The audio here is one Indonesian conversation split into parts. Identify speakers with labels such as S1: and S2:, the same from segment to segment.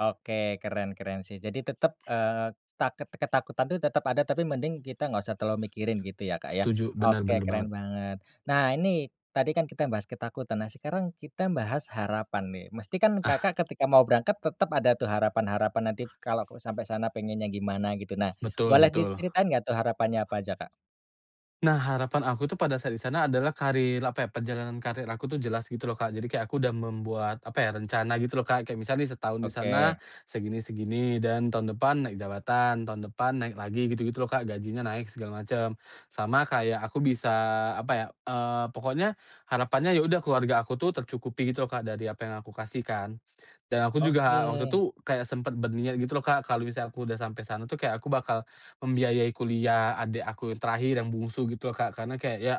S1: Oke, keren keren sih. Jadi tetep, eee, taket ketakutan itu tetep ada, tapi mending kita nggak usah terlalu mikirin gitu ya, Kak, ya.
S2: Setuju. Bener
S1: Oke,
S2: bener banget.
S1: keren banget. Nah, ini tadi kan kita bahas ketakutan, nah sekarang kita bahas harapan nih. Mesti kan Kakak
S2: Ah.
S1: ketika mau berangkat tetep ada tuh harapan-harapan, nanti kalo aku sampe sana pinginnya gimana gitu. Nah,
S2: Betul
S1: boleh
S2: betul.
S1: diceritain gak tuh harapannya apa aja, Kak?
S2: Nah, harapan aku tuh pada saat di sana adalah karir, apa ya, perjalanan karir aku tu jelas gitu loh, Kak. Jadi kayak aku dah membuat apa ya, rencana gitu loh, Kak. Kayak misalnya nih, setahun di sana
S1: Oke.
S2: segini-segini, dan tahun depan naik jabatan, tahun depan naik lagi, gitu-gitu loh, Kak, gajinya naik segala macem. Sama kayak aku bisa apa ya, eee, pokoknya harapannya ya udah keluarga aku tuh tercukupi gitu loh, Kak, dari apa yang aku kasih kan. Dan aku juga waktu
S1: Oke.
S2: tu kayak sempat berniat gitu loh, Kak, kalau misalnya aku udah sampai sana tuh kayak aku bakal membiayai kuliah adik aku yang terakhir yang bungsu gitu loh, Kak. Karena kayak, ya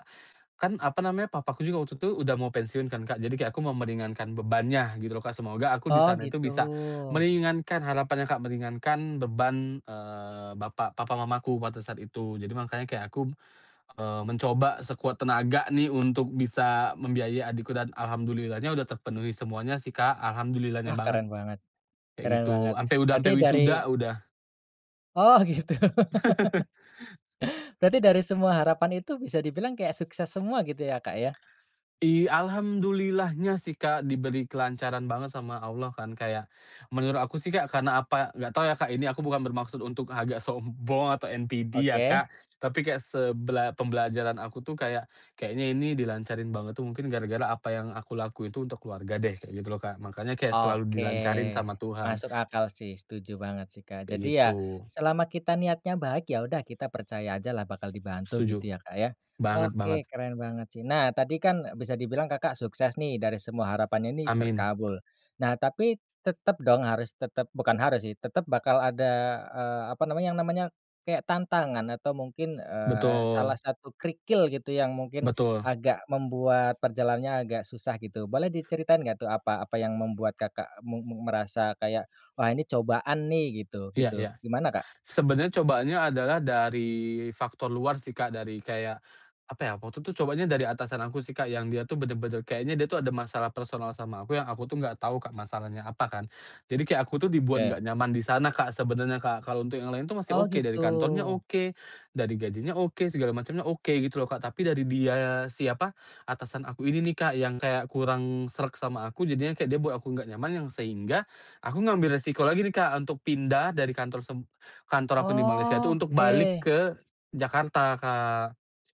S2: kan apa namanya, papaku juga waktu itu udah mau pensiun kan, Kak. Jadi kayak aku mau meringankan bebannya, gitu loh, Kak. Semoga aku di
S1: Oh,
S2: sana itu
S1: gitu.
S2: bisa meringankan harapannya, Kak, meringankan beban, eee, bapak papa mamaku pada saat itu. Jadi makanya kayak aku, eee, mencoba sekuat tenaga nih untuk bisa membiayai adikku dan alhamdulillah-nya udah terpenuhi semuanya sih, Kak. Alhamdulillah-nya
S1: Wah,
S2: banget,
S1: keren banget
S2: kayak
S1: keren banget.
S2: gitu. Sampe udah,
S1: Berarti
S2: sampe
S1: dari
S2: wisuda udah
S1: Oh, gitu. Berarti dari semua harapan itu bisa dibilang kayak sukses semua gitu ya, Kak, ya?
S2: I alhamdulillah-nya sih, Kak, diberi kelancaran banget sama Allah kan. Kayak menurut aku sih, Kak, karena apa nggak tau ya, Kak, ini aku bukan bermaksud untuk agak sombong atau NPD ya,
S1: Oke.
S2: Kak, tapi kayak sebela pembelajaran aku tuh kayak, "Kayaknya ini dilancarin banget tuh mungkin gara-gara apa yang aku lakuin itu untuk keluarga deh," kayak gitu loh, Kak. Makanya kayak selalu
S1: Oke.
S2: dilancarin sama Tuhan.
S1: Masuk akal sih, setuju banget sih, Kak.
S2: Kayak
S1: Jadi ya,
S2: gitu.
S1: selama kita niatnya baik, ya udah kita percaya ajalah bakal dibantu
S2: Setuju.
S1: gitu ya, Kak, ya.
S2: Banget
S1: Oke,
S2: banget.
S1: keren banget sih. Nah tadi kan bisa dibilang Kakak sukses nih, dari semua harapannya ini
S2: Amin.
S1: terkabul. Nah, tapi tetep dong harus tetep bukan harus sih, tetep bakal ada, eee, apa namanya yang namanya kayak tantangan atau mungkin, eee, salah
S2: Betul.
S1: satu kerikil gitu yang mungkin
S2: Betul.
S1: agak membuat perjalanannya agak susah gitu. Boleh diceritain gak tuh apa apa yang membuat Kakak mu mu merasa kayak, "Wah, ini cobaan nih," gitu
S2: Iya iya.
S1: gitu, gimana, Kak?
S2: Sebenarnya cobaannya adalah dari faktor luar sih, Kak, dari kayak apa ya, waktu itu cobaannya dari atasan aku sih, Kak, yang dia tuh bener-bener, kayaknya dia tuh ada masalah personal sama aku yang aku tuh nggak tahu, Kak, masalahnya apa kan. Jadi kayak aku tuh dibuat
S1: Ya.
S2: nggak nyaman di sana, Kak, sebenarnya, Kak. Kalau untuk yang lain tuh masih
S1: Oh,
S2: oke. Dari
S1: gitu.
S2: kantornya oke, dari gajinya oke, segala macemnya oke gitu loh, Kak. Tapi dari dia siapa, atasan aku ini nih, Kak, yang kayak kurang sreg sama aku. Jadinya kayak dia buat aku nggak nyaman yang sehingga aku ngambil resiko lagi nih, Kak, untuk pindah dari kantor seb kantor aku yang di Malaysia itu, untuk
S1: Oke.
S2: balik ke Jakarta, Kak.